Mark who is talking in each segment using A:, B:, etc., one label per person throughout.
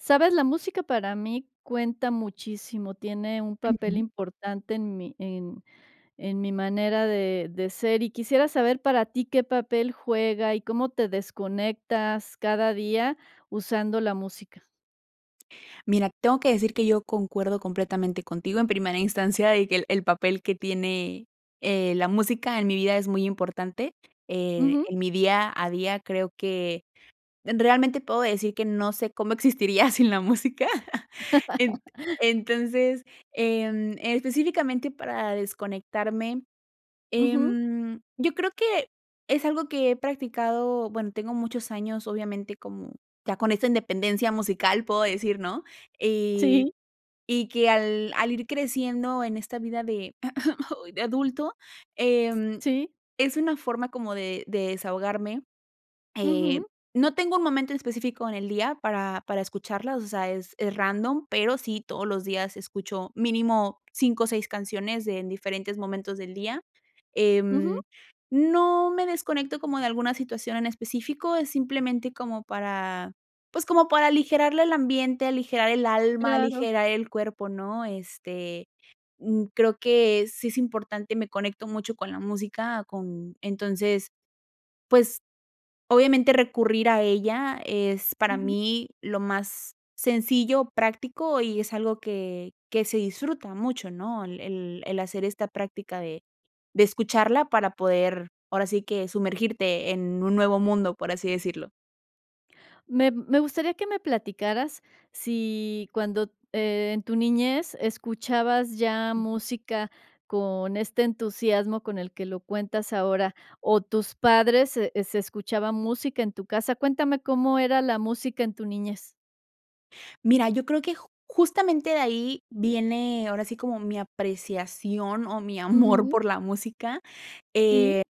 A: ¿Sabes? La música para mí cuenta muchísimo, tiene un papel
B: Ujú.
A: importante en mi en en mi manera de de ser, y quisiera saber para ti qué papel juega, y cómo te desconectas cada día usando la música.
B: Mira, tengo que decir que yo concuerdo completamente contigo, en primera instancia, y que el el papel que tiene, eh, la música en mi vida es muy importante. Eh,
A: Ujú.
B: en mi día a día, creo que en realmente puedo decir que no sé cómo existiría sin la música. Ent entonces, em, específicamente para desconectarme,
A: Ujú.
B: em, yo creo que es algo que he practicado, bueno, tengo muchos años, obviamente, como ya con esta independencia musical, puedo decir, ¿no? Y
A: Sí.
B: y que al al ir creciendo en esta vida de, de adulto, em,
A: Sí.
B: es una forma como de de desahogarme. Eh,
A: Ujú.
B: no tengo un momento en específico en el día para para escucharla, o sea, es es random, pero sí todos los días escucho mínimo 5 o 6 canciones de en diferentes momentos del día.
A: Ujú.
B: Em, no me desconecto como de alguna situación en específico, es simplemente como para, pues, como para aligerarle el ambiente, aligerar el alma,
A: Claro.
B: aligerar el cuerpo, ¿no? Este, mm, creo que sí es importante, me conecto mucho con la música, con entonces, pues, obviamente, recurrir a ella es para
A: Ujú.
B: mí lo más sencillo, práctico, y es algo que que se disfruta mucho, ¿no? El el el hacer esta práctica de de escucharla para poder, ahora sí que sumergirte en un nuevo mundo, por así decirlo.
A: Me me gustaría que me platicaras si cuando en tu niñez escuchabas ya música con este entusiasmo con el que lo cuentas ahora, o tus padres se eh, se escuchaba música en tu casa, cuéntame cómo era la música en tu niñez.
B: Mira, yo creo que j justamente de ahí viene ahora sí como mi apreciación o mi amor
A: Ujú.
B: por la música, eh,
A: Sí.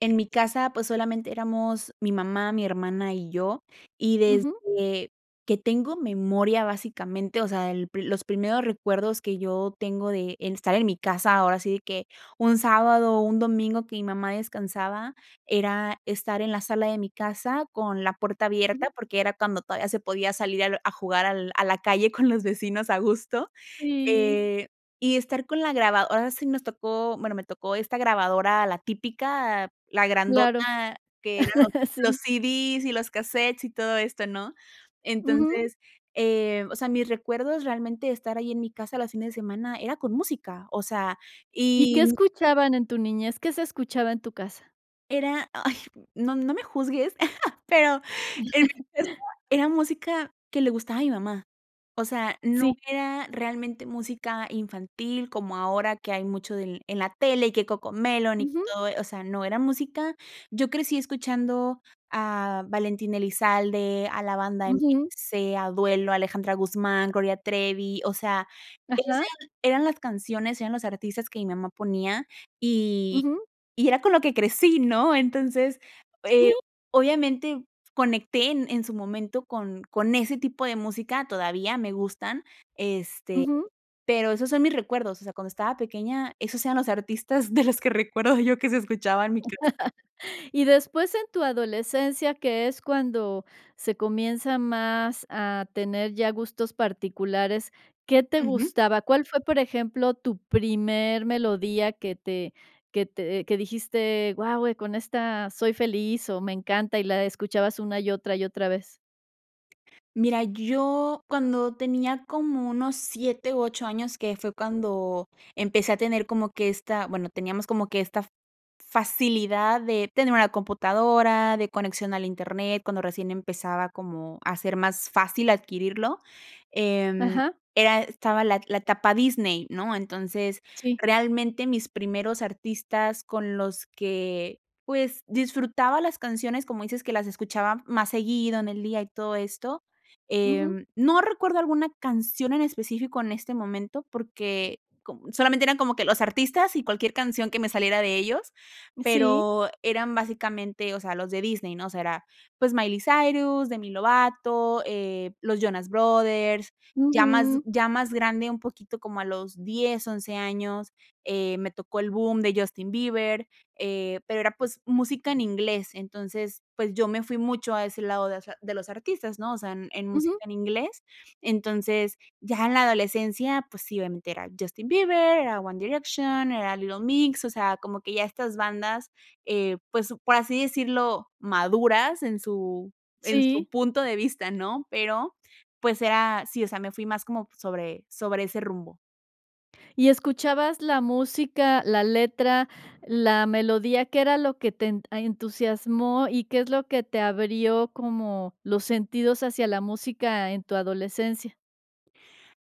B: en mi casa, pues solamente éramos mi mamá, mi hermana y yo, y
A: Ujú.
B: desde que tengo memoria, básicamente, o sea, el pri los primeros recuerdos que yo tengo de en estar en mi casa, ahora sí que un sábado o un domingo, que mi mamá descansaba, era estar en la sala de mi casa con la puerta abierta,
A: Ujú.
B: porque era cuando todavía se podía salir al a jugar al a la calle con los vecinos, a gusto,
A: Sí.
B: eh, y estar con la grabad ahora sí nos tocó, bueno me tocó esta grabadora, la típica, la
A: Claro.
B: grandota que eran los los
A: Sí.
B: CDs y los casetes, y todo esto, ¿no?
A: Ujú.
B: Entonces, eh, o sea, mis recuerdos realmente, estar ahí en mi casa los fines de semana, era con música o sea,
A: ¿Y qué
B: y mm
A: escuchaban en tu niñez? ¿Qué se escuchaba en tu casa?
B: Era, ay, no no me juzgues pero en mi casa era música que le gustaba a mi mamá, o sea no
A: Sí.
B: era realmente música infantil como ahora que hay mucho del en la tele y que Coco Melon y
A: Ujú.
B: todo e o sea, no, era música yo crecí escuchando a Valentín Elizalde, a la Banda
A: Ujú.
B: MS, a Duelo, Alejandra Guzmán, Gloria Trevi, o sea, esas
A: Ajá.
B: eran las canciones, eran los artistas que mi mamá ponía, y
A: Ujú.
B: y era con lo que crecí, ¿no? Entonces, eh,
A: Sí.
B: obviamente conecté en en su momento con con ese tipo de música, todavía me gustan, este,
A: Ujú.
B: pero esos son mis recuerdos, o sea, cuando estaba pequeña esos eran los artistas de los que recuerdo yo que se escuchaba en mi casa.
A: Y después, en tu adolescencia, que es cuando se comienza más a tener ya gustos particulares, ¿qué te
B: Ujú.
A: gustaba? ¿Cuál fue, por ejemplo, tu primer melodía que te que te que dijiste: "Guau, eh, con esta soy feliz", o "me encanta", y la escuchabas una, y otra, y otra vez?
B: Mira, yo cuando tenía como unos 7 u 8 años, que fue cuando empecé a tener como que esta, bueno, teníamos como que esta f facilidad de tener una computadora, de conexión al Internet, cuando recién empezaba como a ser más fácil adquirirlo, em,
A: Ajá.
B: era estaba la la etapa Disney, ¿no? Entonces,
A: Sí.
B: realmente, mis primeros artistas con los que, pues, disfrutaba las canciones, como dices que las escuchaba más seguido en el día y todo esto,
A: Ujú.
B: em, no recuerdo alguna canción en específico en este momento, porque con solamente eran como que los artistas y cualquier canción que me saliera de ellos,
A: Sí.
B: pero eran básicamente, o sea, los de Disney, ¿no? O sea, era, pues Miley Cyrus, Demi Lovato, eh, los Jonas Brothers, ya más
A: Ujú.
B: ya más grande un poquito como a los 10, 11 años, eh, me tocó el bum de Justin Bieber, eh, pero era, pues, música en inglés. Entonces, pues yo me fui mucho a ese lado de ese de los artistas, ¿no? O sea, en en música
A: Ujú.
B: en inglés. Entonces, ya en la adolescencia, pues sí, obviamente, era Justin Bieber, era One Direction, era Little Mix, o sea, como que ya estas bandas, eh, pues, por así decirlo maduras en su en su
A: Sí.
B: punto de vista, ¿no? Pero, pues era, sí, o sea, me fui más como sobre sobre ese rumbo.
A: ¿Y escuchabas la música, la letra, la melodía, qué era lo que ten a entusiasmó? Y, ¿qué es lo que te abrió como los sentidos hacia la música en tu adolescencia?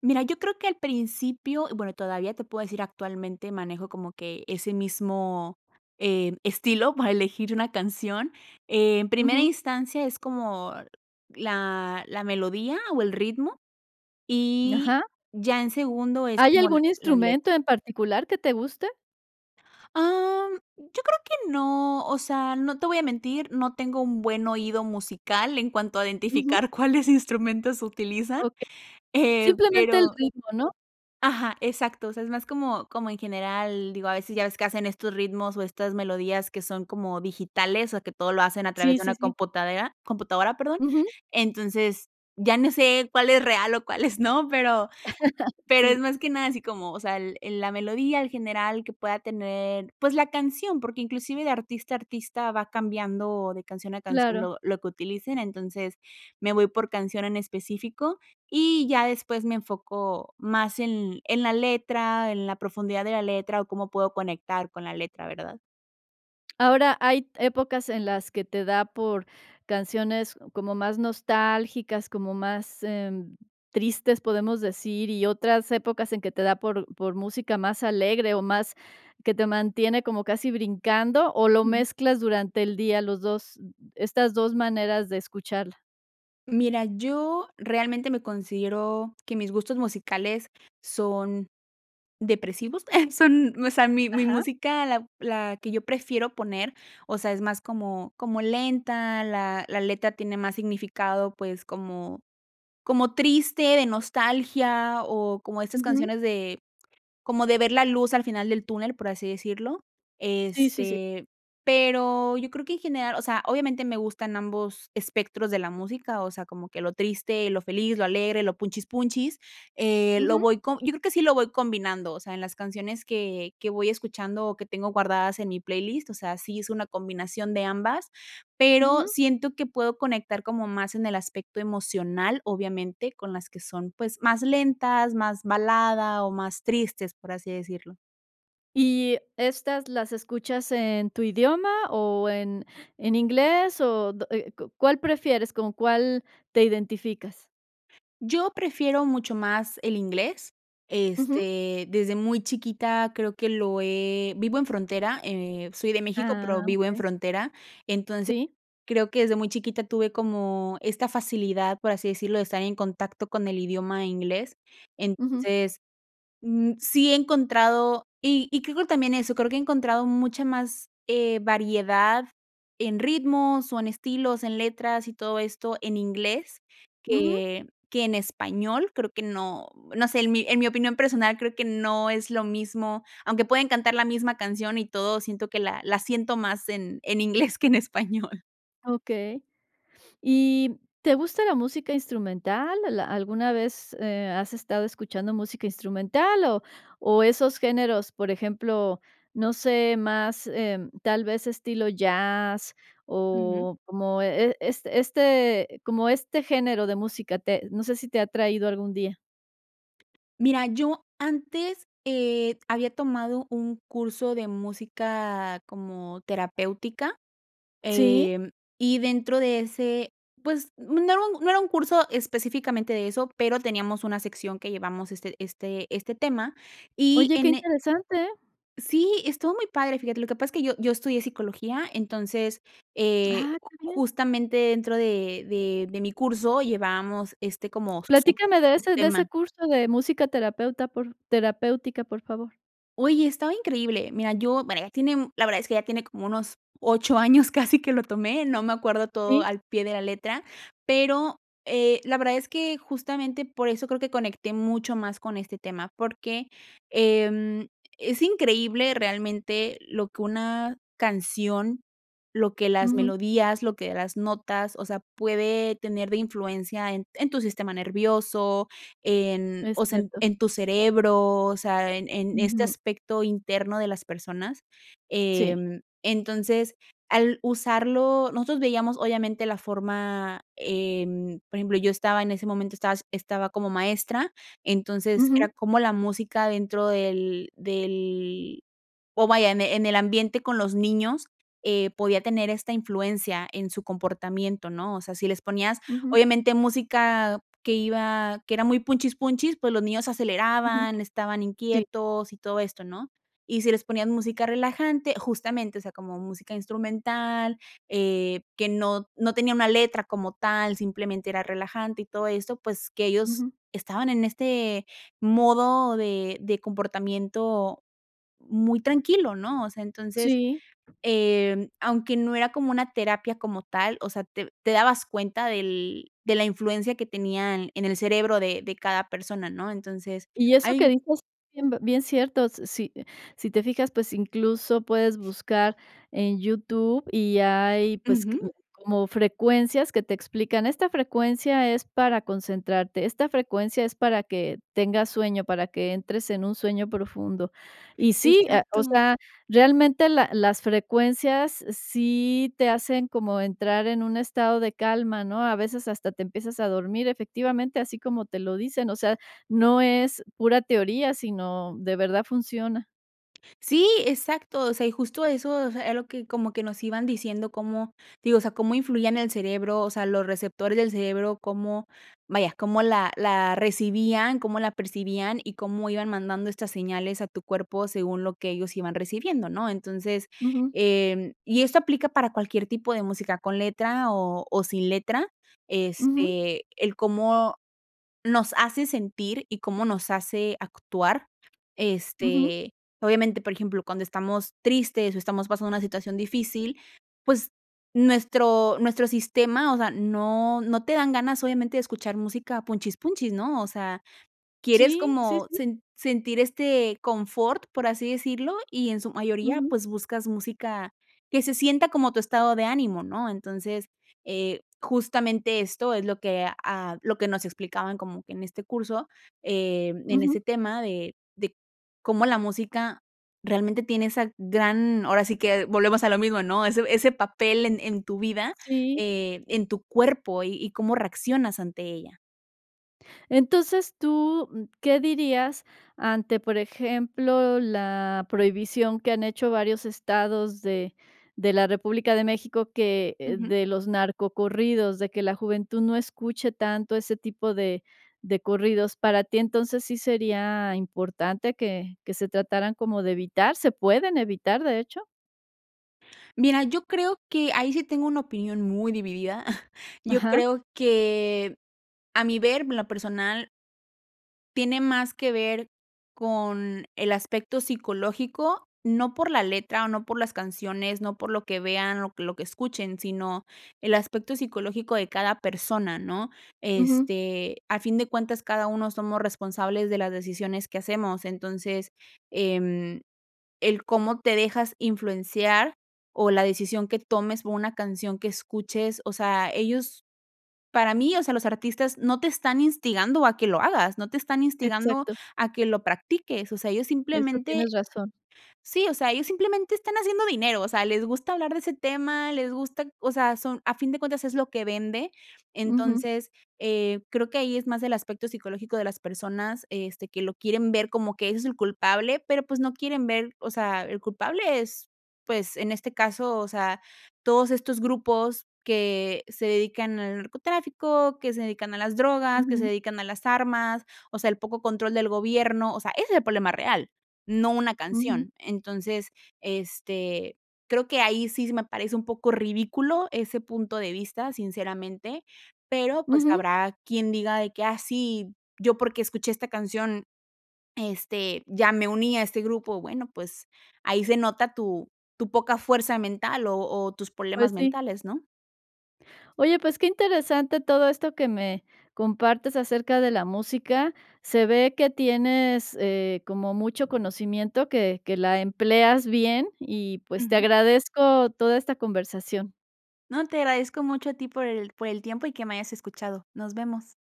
B: Mira, yo creo que al principio, bueno todavía te puedo decir actualmente manejo como que ese mismo, em, estilo para elegir una canción. En primera
A: Ujú.
B: instancia es como la la melodía o el ritmo, y
A: Ajá.
B: ya en segundo es
A: ¿Hay
B: como la
A: algún
B: la
A: instrumento
B: letra.
A: en particular que te guste?
B: Am, yo creo que no, o sea, no te voy a mentir, no tengo un buen oído musical en cuanto a
A: Ujú.
B: identificar cuáles instrumentos utilizan,
A: Okey,
B: eh,
A: simplemente el
B: pero
A: ritmo, ¿no?
B: Ajá, exacto, o sea, es más como como en general digo a veces ya ves que hacen estos ritmos o estas melodías que son como digitales, o sea que todo lo hacen a través
A: Sí,
B: de una
A: sí, sí.
B: computadora, computadora, perdón.
A: Ujú.
B: Entonces ya no sé cuál es real o cuáles no, pero pero es
A: Sí.
B: más que nada así como, o sea, el el la melodía en general que pueda tener, pues la canción, porque inclusive de artista a artista va cambiando de canción a canción
A: Claro.
B: lo lo que utilicen. Entonces me voy por canción en específico, y ya después me enfoco más en en la letra, en la profundidad de la letra, o cómo puedo conectar con la letra, ¿verdad?
A: Ahora, hay épocas en las que te da por canciones como más nostálgicas, como más, eh, tristes, podemos decir, y otras épocas en que te da por por música más alegre o más que te mantiene como casi brincando, ¿o lo
B: Ujú.
A: mezclas durante el día los 2, estas 2 maneras de escucharla?
B: Mira, yo, realmente me considero que mis gustos musicales son, depresivos son, o sea, mi mi
A: Ajá.
B: música, la la que yo prefiero poner, o sea, es más como como lenta, la la letra tiene más significado, pues, como como triste, de nostalgia, o como estas
A: Ujú.
B: canciones de, como de ver la luz al final del túnel por así decirlo.
A: Sí, sí, sí.
B: Este, pero yo creo que en general, o sea, obviamente me gustan ambos espectros de la música, o sea, como que lo triste, lo feliz, lo alegre, lo punchis punchis, eh, lo
A: Ujú.
B: voy com yo creo que sí lo voy combinando, o sea, en las canciones que que voy escuchando, o que tengo guardadas en mi playlist, o sea, sí es una combinación de ambas, pero
A: Ujú.
B: siento que puedo conectar como más en el aspecto emocional, obviamente, con las que son pues más lentas, más balada, o más tristes, por así decirlo.
A: ¿Y, estas las escuchas en tu idioma o en en inglés? O de eh, ¿cu cuál prefieres? ¿Con cuál te identificas?
B: Yo prefiero mucho más el inglés,
A: Ujú.
B: este, desde muy chiquita creo que lo he vivo en frontera, eh, soy de México,
A: Ah,
B: pero vivo en
A: okey.
B: frontera. Entonces,
A: Sí.
B: creo que desde muy chiquita tuve como esta facilidad, por así decirlo, de estar en contacto con el idioma inglés.
A: Ujú.
B: Entonces, mm, sí he encontrado, y y creo que también eso, creo que he encontrado mucha más, eh, variedad en ritmos o en estilos, en letras, y todo esto en inglés
A: Ujú.
B: que que en español creo que no, no sé, en mi en mi opinión personal creo que no es lo mismo, aunque pueden cantar la misma canción y todo, siento que la la siento más en en inglés que en español.
A: Okey. ¿Y te gusta la música instrumental? ¿Al alguna vez, eh, has estado escuchando música instrumental, o o esos géneros, por ejemplo, no sé, más, em, tal vez estilo jazz,
B: Ujú.
A: o como e e este este como este género de música te no sé si te ha atraído algún día?
B: Mira, yo antes, eh, había tomado un curso de música como terapéutica,
A: Sí.
B: eh, y dentro de ese, pues, no era no era un curso específicamente de eso, pero teníamos una sección que llevamos este este este tema y
A: Oye, qué
B: en e
A: interesante, ¿eh?
B: Sí, estuvo muy padre, fíjate, lo que pasa es que yo yo estudié psicología, entonces, eh,
A: Ah,
B: ju
A: qué bien.
B: justamente dentro de de de mi curso llevábamos, este, como sub
A: Platícame de ese de ese
B: subtema.
A: curso de música terapeuta, por f terapéutica, por favor.
B: Oye, estaba increíble. Mira, yo, bueno, ya tiene un, la verdad es que ya tiene como unos 8 años casi que lo tomé, no me acuerdo todo
A: Sí.
B: al pie de la letra, pero, eh, la verdad es que, justamente, por eso creo que conecté mucho más con este tema, porque, em, es increíble realmente lo que una canción, lo que las
A: Ujú.
B: melodías, lo que las notas, o sea, puede tener de influencia en en tu sistema nervioso, en,
A: Es
B: o sea, en
A: cierto.
B: en tu cerebro, o sea, en en este
A: Ujú.
B: aspecto interno de las personas,
A: Sí.
B: em, entonces, al usarlo, nosotros veíamos, obviamente, la forma, em, por ejemplo, yo estaba, en ese momento estaba estaba como maestra, entonces era
A: Ujú.
B: cómo la música dentro del del oh, vaya, en el en el ambiente con los niños, eh, podía tener esta influencia en su comportamiento, ¿no? O sea, si les ponías,
A: Ujú.
B: obviamente, música que iba que era muy punchis punchis, pues los niños
A: Ujú.
B: aceleraban, estaban
A: Sí.
B: inquietos, y todo esto, ¿no? Y si les ponían música relajante, justamente, o sea, como música instrumental, eh, que no no tenía una letra como tal, simplemente era relajante, y todo esto, pues que ellos
A: Ujú.
B: estaban en este modo de de comportamiento muy tranquilo, ¿no? O sea, entonces,
A: Sí.
B: eh, aunque no era como una terapia como tal, o sea, te te dabas cuenta del de la influencia que tenían en el cerebro de de cada persona, ¿no? Entonces,
A: Y eso que
B: hay
A: dices bien bien cierto, s si si te fijas, pues, incluso puedes buscar en YouTube y hay, pues, que q
B: Ujú.
A: como frecuencias que te explican, esta frecuencia es para concentrarte, esta frecuencia es para que tengas sueño, para que entres en un sueño profundo. Y sí, ah, o
B: Exacto.
A: sea, realmente la las frecuencias sí te hacen como entrar en un estado de calma, ¿no? A veces hasta te empiezas a dormir, efectivamente, así como te lo dicen, o sea, no es pura teoría, sino, de verdad, funciona.
B: Sí, exacto, o sea, y justo eso, o sea, era lo que como que nos iban diciendo cómo, digo, o sea, cómo influía en el cerebro, o sea, los receptores del cerebro, cómo, vaya, cómo la la recibían, cómo la percibían, y cómo iban mandando estas señales a tu cuerpo según lo que ellos iban recibiendo, ¿no? Entonces,
A: Ujú.
B: em, y esto aplica para cualquier tipo de música con letra o o sin letra,
A: Ujú.
B: este, el cómo nos hace sentir, y cómo nos hace actuar,
A: Ujú.
B: este, obviamente, por ejemplo, cuando estamos tristes o estamos pasando una situación difícil, pues, nuestro nuestro sistema, o sea, no no te dan ganas, obviamente, de escuchar música punchis punchis, ¿no?, o sea, quieres
A: Sí, sí,
B: como
A: sí.
B: sen sentir este confort, por así decirlo, y en su mayoría,
A: Ujú.
B: pues, buscas música que se sienta como tu estado de ánimo, ¿no? Entonces, eh, justamente esto es lo que, ah, lo que nos explicaban como que en este curso, em, en
A: Ujú.
B: ese tema de de cómo la música realmente tiene esa gran ahora sí que volvemos a lo mismo, ¿no?, ese ese papel en en tu vida,
A: Sí.
B: eh, en tu cuerpo, y y cómo reaccionas ante ella.
A: Entonces, tú, mm, ¿qué dirías ante, por ejemplo, la prohibición que han hecho varios estados de de la República de México que, eh,
B: Ujú.
A: de los narcocorridos, de que la juventud no escuche tanto ese tipo de de corridos? ¿Para ti entonces sí sería importante que que se trataran como de evitar? ¿Se pueden evitar, de hecho?
B: Mira, yo creo que ahí sí tengo una opinión muy dividida. Yo
A: Ajá.
B: creo que a mi ver en lo personal tiene más que ver con el aspecto psicológico, no por la letra o no por las canciones, no por lo que vean, lo que lo que escuchen, sino el aspecto psicológico de cada persona, ¿no?
A: Ujú.
B: Este, al fin de cuentas, cada uno somos responsables de las decisiones que hacemos. Entonces, em, el cómo te dejas influenciar, o la decisión que tomes por una canción que escuches, o sea, ellos para mí, o sea, los artistas no te están instigando a que lo hagas, no te están instigando
A: Exacto.
B: a que lo practiques, o sea, ellos
A: Eso
B: simplemente
A: tienes razón.
B: sí, o sea, ellos simplemente están haciendo dinero, o sea, les gusta hablar de ese tema, les gusta, o sea, son a fin de cuentas es lo que vende.
A: Ujú.
B: Entonces, eh, creo que ahí es más del aspecto psicológico de las personas, este, que lo quieren ver como que ese es el culpable, pero pues no quieren ver, o sea, el culpable es, pues, en este caso, o sea, todos estos grupos que se dedican al narcotráfico, que se dedican a las drogas, que se
A: Ujú.
B: dedican a las armas, o sea, el poco control del gobierno, o sea, ese es el problema real, no una
A: Ujú.
B: canción. Entonces, este, creo que ahí sí se me parece un poco ridículo ese punto de vista, sinceramente, pero pues
A: Ujú.
B: habrá quien diga de que: "Ah, sí, yo porque escuché esta canción, este, ya me uní a este grupo". Bueno, pues ahí se nota tu tu poca fuerza mental, o o tus
A: Pues
B: problemas
A: sí.
B: mentales, ¿no?
A: Oye, pues, qué interesante todo esto que me compartes acerca de la música. Se ve que tienes, eh, como mucho conocimiento, que que la empleas bien, y pues te
B: Ujú.
A: agradezco toda esta conversación.
B: No, te agradezco mucho a ti por el por el tiempo, y que me hayas escuchado. Nos vemos.